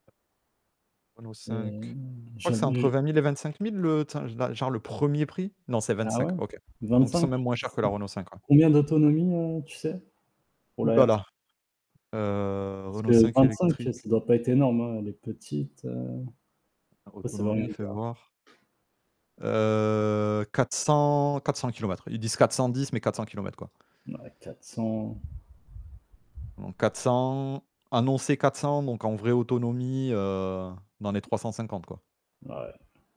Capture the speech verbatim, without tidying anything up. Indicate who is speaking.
Speaker 1: Renault 5? Je
Speaker 2: Mmh,
Speaker 1: crois que c'est entre vingt
Speaker 2: jamais.
Speaker 1: mille et vingt-cinq mille le, tu sais là, genre le premier prix? Non, c'est
Speaker 2: Ah ouais?
Speaker 1: vingt-cinq, OK. Donc ils sont
Speaker 2: vingt-cinq?
Speaker 1: même moins
Speaker 2: Et
Speaker 1: chers que la
Speaker 2: c'est
Speaker 1: Renault 5 ouais.
Speaker 2: combien d'autonomie, heu, tu sais? Pour
Speaker 1: Ouh
Speaker 2: la
Speaker 1: là
Speaker 2: R c
Speaker 1: là! Heu
Speaker 2: Parce
Speaker 1: Renault
Speaker 2: que
Speaker 1: 5
Speaker 2: vint-cinq,
Speaker 1: électrique.
Speaker 2: ça doit pas être énorme hein, les petites, heu
Speaker 1: Alors
Speaker 2: après ça veut rien
Speaker 1: autonomie, fais
Speaker 2: dire.
Speaker 1: voir. Heu quatre cents quatre cent kilomètres. Ils disent quatre cent dix, mais quatre cents kilomètres quoi.
Speaker 2: Mouais, quatre cents
Speaker 1: Donc quatre cents annoncé quatre cents donc en vrai autonomie, heu, dans les trois cent cinquante quoi.
Speaker 2: Ouais.